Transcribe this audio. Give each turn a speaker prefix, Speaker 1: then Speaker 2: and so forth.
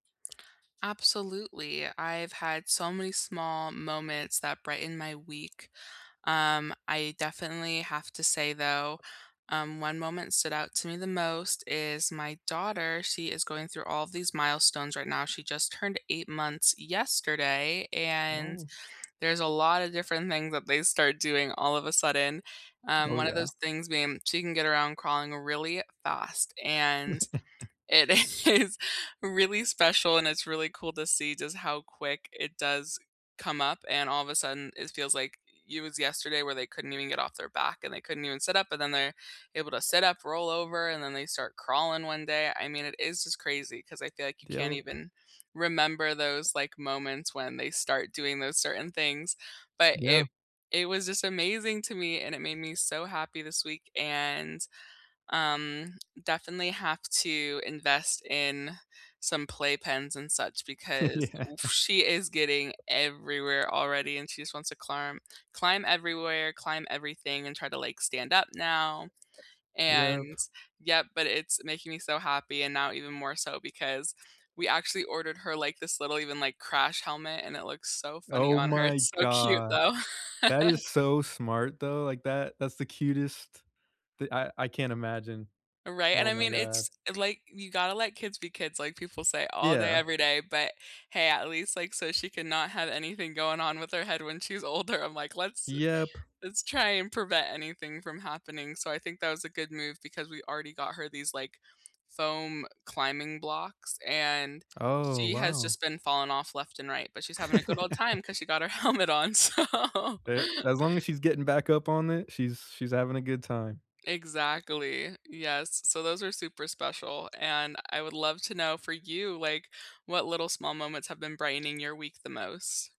Speaker 1: Absolutely, I've had so many small moments that brighten my week. Um, I definitely have to say, though, um, one moment stood out to me the most is my daughter, she is going through all of these milestones right now, she just turned 8 months yesterday, and
Speaker 2: No.
Speaker 1: there's a lotta different things that they start doing all of a sudden. Um,
Speaker 2: Oh,
Speaker 1: one of
Speaker 2: yeah.
Speaker 1: those things being she can get around crawling really fast, and it is really special, and it's really cool to see just how quick it does come up, and all of a sudden, it feels like it was yesterday where they couldn't even get off their back and they couldn't even sit up, but then they're able to sit up, roll over, and then they start crawling one day, I mean, it is just crazy ‘cause I feel like you
Speaker 2: d
Speaker 1: can't
Speaker 2: ope.
Speaker 1: even remember those, like, moments when they start doing those certain things. But
Speaker 2: Yeah.
Speaker 1: it it was just amazing to me, and it made me so happy this week, and, um, definitely have to invest in some playpens and such because,
Speaker 2: Yeah.
Speaker 1: oof, she is getting everywhere already and she just wants to climb climb everywhere, climb everything, and try to, like, stand up now,
Speaker 2: Yep.
Speaker 1: and yep, but it's making me so happy and now even more so because we actually ordered her like this little even, like, crash helmet and it looks so funny
Speaker 2: Oh
Speaker 1: on her,
Speaker 2: my
Speaker 1: it's so cute
Speaker 2: gosh.
Speaker 1: though.
Speaker 2: That is so smart, though, like, that that's the cutest the I I can't imagine.
Speaker 1: Right, and
Speaker 2: Oh
Speaker 1: I
Speaker 2: my
Speaker 1: mean,
Speaker 2: god.
Speaker 1: it's, like, you gotta let kids be kids, like people say all day,
Speaker 2: Yeah.
Speaker 1: every day, but hey, at least, like, so she can not have anything going on with her head when she's older, I'm like, "Let's
Speaker 2: Yep.
Speaker 1: let's try and prevent anything from happening." So, I think that was a good move because we already got her these, like, foam climbing blocks and
Speaker 2: Oh,
Speaker 1: she has
Speaker 2: wow.
Speaker 1: just been falling off left and right, but she's having a good old time ‘cause she got her helmet on, so
Speaker 2: Eh as long as she's getting back up on it, she's she's having a good time.
Speaker 1: Exactly, yes, so those are super special, and I would love to know for you, like, what little small moments have been brightening your week the most?